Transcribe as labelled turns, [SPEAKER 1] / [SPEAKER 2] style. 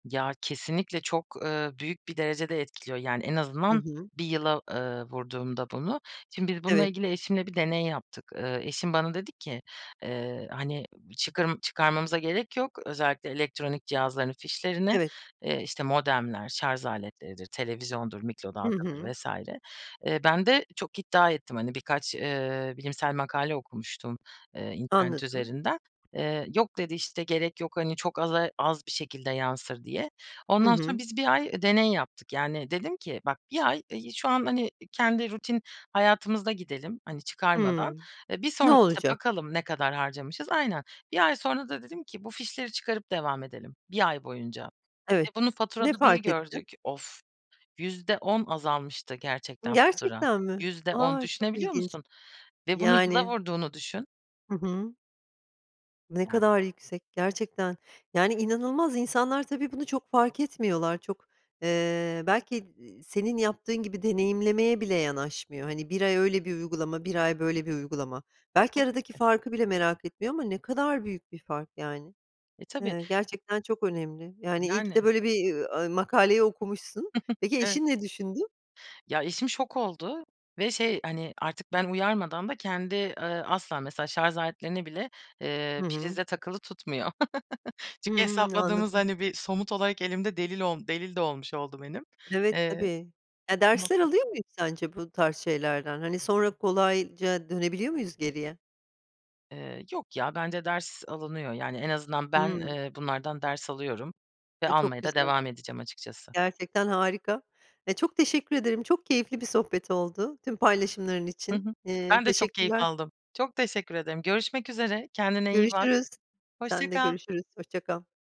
[SPEAKER 1] Ya, kesinlikle çok, eee, büyük bir derecede etkiliyor. Yani, en
[SPEAKER 2] Hı
[SPEAKER 1] azından
[SPEAKER 2] hı.
[SPEAKER 1] 1 yıla, eee, vurduğumda bunu Şimdi biz bununla
[SPEAKER 2] Evet.
[SPEAKER 1] ilgili eşimle bir deney yaptık. Eee, eşim bana dedi ki, eee, "Hani, çıkar çıkarmamıza gerek yok, özellikle elektronik cihazların fişlerini."
[SPEAKER 2] Evet.
[SPEAKER 1] Eee, işte, modemler, şarj aletleridir, televizyondur,
[SPEAKER 2] Hı
[SPEAKER 1] mikrodalgadır
[SPEAKER 2] hı.
[SPEAKER 1] vs. Eee, ben de çok iddia ettim hani birkaç, eee, bilimsel makale okumuştum, eee, internet
[SPEAKER 2] Anladım.
[SPEAKER 1] üzerinden. Eee, "Yok," dedi, işte, "gerek yok, hani, çok aza az bir şekilde yansır." diye.
[SPEAKER 2] Hı
[SPEAKER 1] Ondan sonra
[SPEAKER 2] hı.
[SPEAKER 1] biz 1 ay, eee, deney yaptık. Yani dedim ki, "Bak, bir ay şu an hani kendi rutin hayatımızda gidelim hani çıkarmadan.
[SPEAKER 2] Hımm,
[SPEAKER 1] Eee, bir
[SPEAKER 2] ne
[SPEAKER 1] sonra, işte,
[SPEAKER 2] olacak?
[SPEAKER 1] bakalım ne kadar harcamışız." Aynen. 1 ay sonra da dedim ki, "Bu fişleri çıkarıp devam edelim bir ay boyunca." ve
[SPEAKER 2] Evet,
[SPEAKER 1] bunu
[SPEAKER 2] ne
[SPEAKER 1] faturada bir
[SPEAKER 2] fark ettin?
[SPEAKER 1] gördük. Off! %10 azalmıştı
[SPEAKER 2] I
[SPEAKER 1] gerçekten fatura.
[SPEAKER 2] gerçekten mi?
[SPEAKER 1] %10
[SPEAKER 2] A! Çok
[SPEAKER 1] düşünebiliyor
[SPEAKER 2] ilginç.
[SPEAKER 1] musun? Ve bunu yıla
[SPEAKER 2] Yani
[SPEAKER 1] vurduğunu düşün.
[SPEAKER 2] Hı hı. Ne
[SPEAKER 1] Evet.
[SPEAKER 2] kadar yüksek gerçekten. Yani inanılmaz. İnsanlar tabii bunu çok fark etmiyorlar. Çok, eee, belki d eee, senin yaptığın gibi deneyimlemeye bile yanaşmıyor, hani, 1 ay öyle bir uygulama, 1 ay böyle bir uygulama. Belki
[SPEAKER 1] Tabii
[SPEAKER 2] aradaki
[SPEAKER 1] ki.
[SPEAKER 2] farkı bile merak etmiyor ama ne kadar büyük bir fark yani.
[SPEAKER 1] Eee, tabii.
[SPEAKER 2] Eee, gerçekten çok önemli, yani, iyi ki de
[SPEAKER 1] Yani.
[SPEAKER 2] böyle bir, eee, makaleyi okumuşsun. Peki
[SPEAKER 1] Evet.
[SPEAKER 2] eşin ne düşündü?
[SPEAKER 1] Ya, eşim şok oldu ve, şey, hani, artık ben uyarmadan da kendi, eee, asla mesela şarj aletlerini bile, eee,
[SPEAKER 2] Hı hı.
[SPEAKER 1] prizde takılı tutmuyor. Çünkü
[SPEAKER 2] Hımm.
[SPEAKER 1] hesapladığımız,
[SPEAKER 2] Anladım.
[SPEAKER 1] hani, bir somut olarak elimde delil ol delil de olmuş oldu benim.
[SPEAKER 2] Evet,
[SPEAKER 1] Eee
[SPEAKER 2] tabii. Ya dersler
[SPEAKER 1] Muhakkak.
[SPEAKER 2] alıyor muyuz sence bu tarz şeylerden? Hani, sonra kolayca dönebiliyor muyuz geriye?
[SPEAKER 1] Eee, yok ya. Bence ders alınıyor. Yani en azından ben,
[SPEAKER 2] Hımm.
[SPEAKER 1] eee, bunlardan ders alıyorum ve
[SPEAKER 2] A, çok
[SPEAKER 1] almaya da
[SPEAKER 2] güzel.
[SPEAKER 1] devam edeceğim açıkçası.
[SPEAKER 2] Gerçekten harika. Ya, çok teşekkür ederim. Çok keyifli bir sohbet oldu, tüm paylaşımların
[SPEAKER 1] Hı hı.
[SPEAKER 2] için. Eee,
[SPEAKER 1] Ben de çok keyif
[SPEAKER 2] teşekkürler.
[SPEAKER 1] aldım. Çok teşekkür ederim. Görüşmek üzere. Kendine iyi bak.
[SPEAKER 2] Görüşürüz.
[SPEAKER 1] Hoşça
[SPEAKER 2] Sen de
[SPEAKER 1] kal.
[SPEAKER 2] görüşürüz. Hoşça kal.